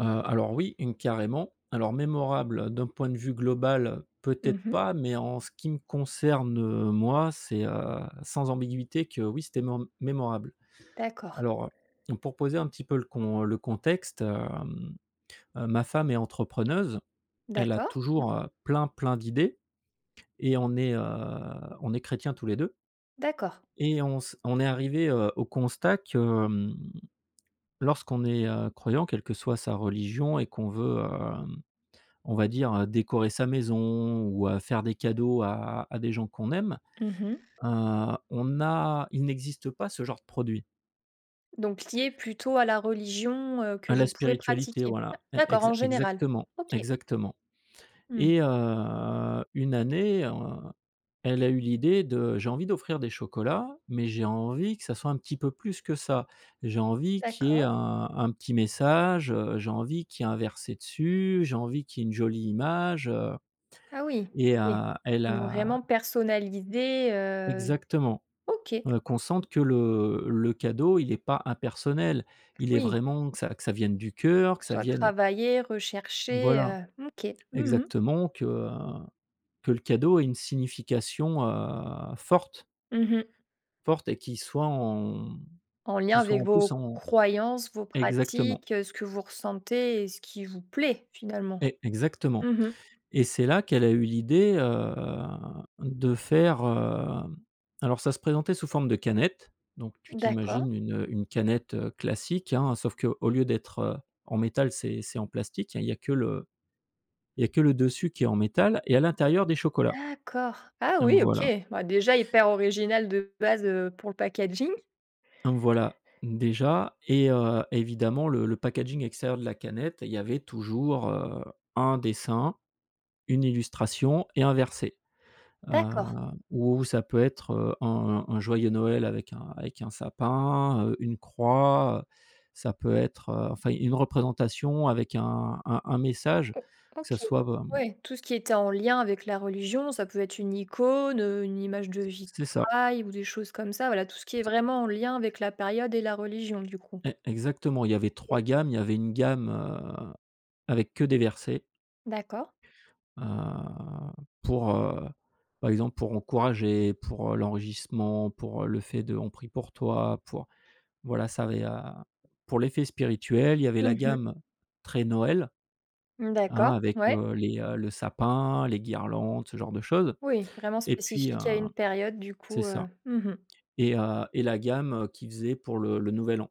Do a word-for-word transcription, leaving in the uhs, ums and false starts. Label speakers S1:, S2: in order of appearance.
S1: Heu, alors oui, une, carrément. Alors, mémorable d'un point de vue global,
S2: Mmh
S1: peut-être
S2: mh.
S1: pas, mais en ce qui me concerne moi, c'est heu, sans ambiguïté que oui, c'était mém mémorable.
S2: D'accord.
S1: Alors heu, pour poser un petit peu le con le contexte hem, heu, ma femme est entrepreneuse. Elle a
S2: D'accord, mmh.
S1: toujours, heu, plein, plein d'idées et on est heu, on est chrétiens tous les deux
S2: D'accord.
S1: et on se on est arrivés, heu, au constat que, hem, lorsqu'on est, heu, croyant, quelle que soit sa religion et qu'on veut, heu, on va dire décorer sa maison ou, heu, faire des cadeaux à à des gens qu'on aime,
S2: Mmh mh.
S1: heu, on a il n'existe pas ce genre de produit.
S2: Donc, lié plutôt à la religion, heu, que
S1: A la
S2: vous pouvez
S1: spiritualité,
S2: pratiquer? D
S1: voilà, e
S2: d'accord, en
S1: exa
S2: général?
S1: exactement,
S2: OK.
S1: exactement.
S2: Mmh.
S1: Et heu, une année, heu, elle a eu l'idée de: «J'ai envie d'offrir des chocolats mais j'ai envie que ça soit un petit peu plus que ça. J'ai envie qu'il y ait
S2: D'accord.
S1: un un petit message, heu, j'ai envie qu'il y ait un verset dessus, j'ai envie qu'il y ait une jolie image». Heu,
S2: Ah oui,
S1: et
S2: OK.
S1: heu, elle a
S2: Vraiment personnalisé heu
S1: exactement.
S2: OK.
S1: Heu, qu'on sente que le le cadeau, il est pas impersonnel. Il est
S2: Oui.
S1: vraiment que ça que ça vienne du cœur,
S2: Que
S1: que
S2: ce
S1: ça
S2: soit
S1: vienne
S2: travaillé, recherché,
S1: voilà.
S2: heu. OK. Mmh mh.
S1: Exactement que, heu, que le cadeau ait une signification, heu, forte
S2: Mmh mh.
S1: forte et qui soit en, hem,
S2: En lien
S1: qui soit
S2: avec
S1: en plus
S2: vos
S1: en
S2: croyances, vos
S1: exactement.
S2: pratiques, ce que vous ressentez et ce qui vous plaît finalement?
S1: E exactement.
S2: Mmh mh.
S1: Et c'est là qu'elle a eu l'idée, heu, de faire, heu alors ça se présentait sous forme de canette, donc tu
S2: D'accord.
S1: t'imagines une, heu, une canette, heu, classique, hein, sauf qu'au lieu d'être en métal c'est c'est en plastique, hein, il y a que le il y a que le dessus qui est en métal et à l'intérieur des chocolats.
S2: D'accord! Ah
S1: Hem
S2: oui, OK!
S1: voilà.
S2: Bah, déjà hyper original de base, heu, pour le packaging.
S1: Voilà, déjà, et heu, évidemment le le packaging extérieur de la canette, il y avait toujours, heu, un dessin, une illustration et un verset. Heu,
S2: D'accord.
S1: ou ça peut être, heu, un un joyeux Noël avec un avec un sapin, heu, une croix, heu, ça peut être, heu enfin une représentation avec un un un message,
S2: O
S1: que ça
S2: OK.
S1: soit, bah
S2: Ouais, tout ce qui était en lien avec la religion, ça peut être une icône, heu, une image de
S1: C c'est ça.
S2: vitrail ou des choses comme ça, voilà, tout ce qui est
S1: C'
S2: vraiment en lien avec la période et la religion du coup?
S1: E exactement, il y avait
S2: OK.
S1: trois gammes, il y avait une gamme, heu, avec que des versets
S2: D'accord.
S1: heu, pour, heu, par exemple, pour encourager, pour, heu, l'enregissement, pour, heu, le fait de: «On prie pour toi», pour voilà, ça avait à pour l'effet spirituel, il y avait la
S2: Mmh mh.
S1: gamme très Noël, hein,
S2: D'accord,
S1: avec,
S2: ouais.
S1: heu, les heu, le sapin, les guirlandes, ce genre de choses.
S2: Oui, vraiment
S1: Et puis, heu
S2: spécifique à une période du
S1: c'est
S2: coup, heu,
S1: ça.
S2: mmh mh.
S1: Et heu et la gamme qui faisait pour le le Nouvel An.